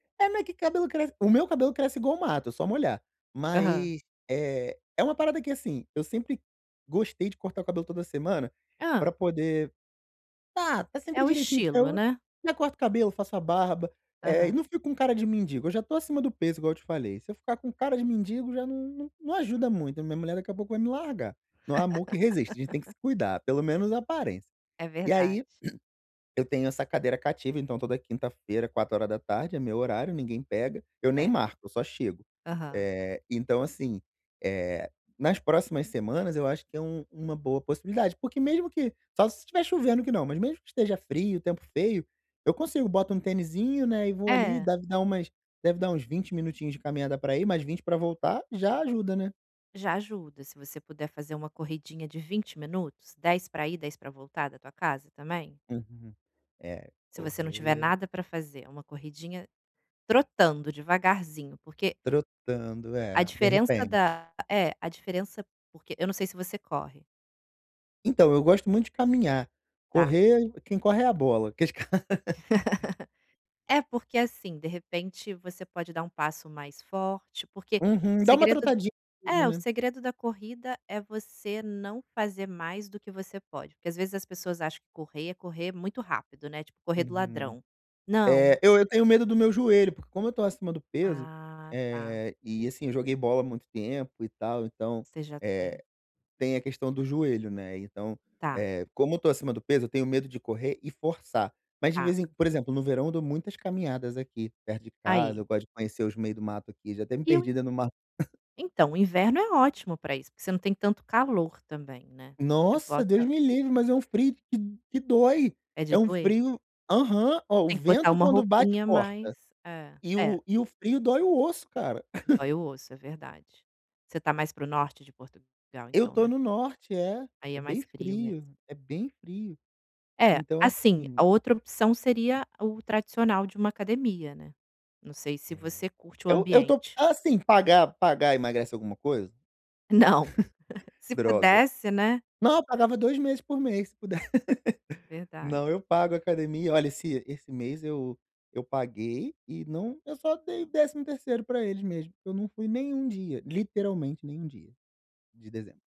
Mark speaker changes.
Speaker 1: É, mas que cabelo cresce o meu cabelo cresce igual mato, é só molhar,
Speaker 2: Aham.
Speaker 1: mas, eh, é uma parada que assim, eu sempre gostei de cortar o cabelo toda semana,
Speaker 2: Hã.
Speaker 1: pra poder tá tá
Speaker 2: É
Speaker 1: sempre
Speaker 2: o
Speaker 1: direitinho,
Speaker 2: estilo,
Speaker 1: então,
Speaker 2: né?
Speaker 1: já corto o cabelo, faço a barba, eh, e
Speaker 2: Aham.
Speaker 1: não fico com cara de mendigo, eu já tô acima do peso igual eu te falei, se eu ficar com cara de mendigo já não não não ajuda muito, minha mulher daqui a pouco vai me largar, não há amor que resiste, a gente tem que se cuidar, pelo menos a aparência.
Speaker 2: É
Speaker 1: E aí,
Speaker 2: verdade.
Speaker 1: eu tenho essa cadeira cativa, então, toda quinta-feira 16h é meu horário, ninguém pega, eu nem
Speaker 2: É.
Speaker 1: marco, eu só chego.
Speaker 2: Aham.
Speaker 1: Eh, então assim, eh, nas próximas semanas eu acho que é um uma boa possibilidade, porque mesmo que só se estiver chovendo que não, mas mesmo que esteja frio, tempo feio, eu consigo boto um tenizinho, né, e vou ali,
Speaker 2: É.
Speaker 1: deve dar umas deve dar uns 20 minutinhos de caminhada para ir, mais 20 para voltar, já ajuda, né.
Speaker 2: Já ajuda se você puder fazer uma corridinha de 20 minutos, 10 para ir, 10 pra voltar da tua casa também
Speaker 1: Uhum, é,
Speaker 2: se você não tiver
Speaker 1: correr
Speaker 2: nada pra fazer uma corridinha trotando, devagarzinho porque
Speaker 1: Trotando,
Speaker 2: a
Speaker 1: é, de
Speaker 2: diferença
Speaker 1: repente.
Speaker 2: da é a diferença porque eu não sei se você corre.
Speaker 1: Então, eu gosto muito de caminhar,
Speaker 2: Tá.
Speaker 1: correr quem corre é a bola, aqueles ca
Speaker 2: É, porque assim, de repente, você pode dar um passo mais forte, porque o
Speaker 1: Uhum, dá uma
Speaker 2: segredo
Speaker 1: trotadinha e tudo,
Speaker 2: é o
Speaker 1: né.
Speaker 2: segredo da corrida é você não fazer mais do que você pode, porque às vezes as pessoas acham que correr é correr muito rápido, né, tipo correr do
Speaker 1: Uhum,
Speaker 2: ladrão, não.
Speaker 1: é eu eu tenho medo do meu joelho, porque como eu tô acima do peso,
Speaker 2: Ah, tá.
Speaker 1: eh, e assim joguei bola muito tempo e tal então,
Speaker 2: Você já tem.
Speaker 1: eh, tem a questão do joelho, né. Então,
Speaker 2: Tá.
Speaker 1: eh, como eu tô acima do peso eu tenho medo de correr e forçar. Mas de
Speaker 2: Tá.
Speaker 1: vez em por exemplo, no verão eu dou muitas caminhadas aqui perto de casa,
Speaker 2: Aí.
Speaker 1: eu gosto de conhecer os meio do mato aqui, já até me
Speaker 2: E o
Speaker 1: perdida dentro do mato.
Speaker 2: Então, o inverno é ótimo pra isso, porque você não tem tanto calor também, né, você
Speaker 1: Nossa,
Speaker 2: bota
Speaker 1: Deus me livre, mas é um frio que que dói,
Speaker 2: É de
Speaker 1: é um
Speaker 2: doer, né.
Speaker 1: frio aham, ó, o
Speaker 2: Tem que botar
Speaker 1: vento
Speaker 2: uma
Speaker 1: quando bate
Speaker 2: roupinha mais
Speaker 1: corta.
Speaker 2: é.
Speaker 1: E
Speaker 2: É.
Speaker 1: o e o frio dói o osso, cara.
Speaker 2: Dói o osso, é verdade. Você tá mais para o norte de Portugal,
Speaker 1: Eu
Speaker 2: então,
Speaker 1: tô
Speaker 2: né?
Speaker 1: no norte é,
Speaker 2: Aí
Speaker 1: é
Speaker 2: é
Speaker 1: bem
Speaker 2: mais frio mesmo.
Speaker 1: frio, é bem frio.
Speaker 2: É,
Speaker 1: Então,
Speaker 2: assim,
Speaker 1: assim
Speaker 2: a outra opção seria o tradicional de uma academia, né. Não sei se
Speaker 1: É.
Speaker 2: você curte o
Speaker 1: Eu eu estou,
Speaker 2: ambiente.
Speaker 1: assim, pagar pagar emagrece alguma coisa?
Speaker 2: Não. Se
Speaker 1: Droga.
Speaker 2: pudesse, né.
Speaker 1: Não, eu pagava 2 meses por mês se puder.
Speaker 2: Verdade.
Speaker 1: Não, eu pago academia, olha se esse mês eu eu paguei e não eu só dei o 13º para eles mesmo, eu não fui nenhum dia, literalmente nenhum dia, de dezembro.